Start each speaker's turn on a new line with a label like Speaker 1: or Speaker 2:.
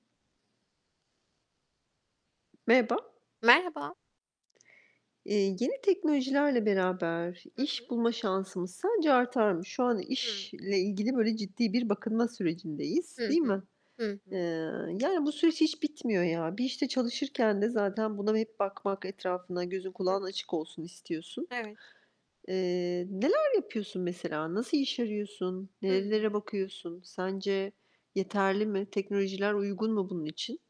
Speaker 1: Merhaba.
Speaker 2: Merhaba.
Speaker 1: Eee, yeni teknolojilerle beraber
Speaker 2: Hı
Speaker 1: iş
Speaker 2: hı.
Speaker 1: bulma şansımız sence artar mı? Şu an
Speaker 2: Hıı.
Speaker 1: işle ilgili böyle ciddi bir bakınma sürecindeyiz.
Speaker 2: Hı
Speaker 1: Değil
Speaker 2: hı.
Speaker 1: mi? Eee,
Speaker 2: Hıhı.
Speaker 1: yani, bu süreç hiç bitmiyor ya. Bir işte çalışırken de zaten buna hep bakmak etrafına gözün
Speaker 2: Hı
Speaker 1: kulağın
Speaker 2: hı.
Speaker 1: açık olsun, istiyorsun.
Speaker 2: Evet.
Speaker 1: Eee, neler yapıyorsun mesela? Nasıl iş arıyorsun, nerelere
Speaker 2: Hıı.
Speaker 1: bakıyorsun? Sence yeterli mi? Teknolojiler uygun mu bunun için?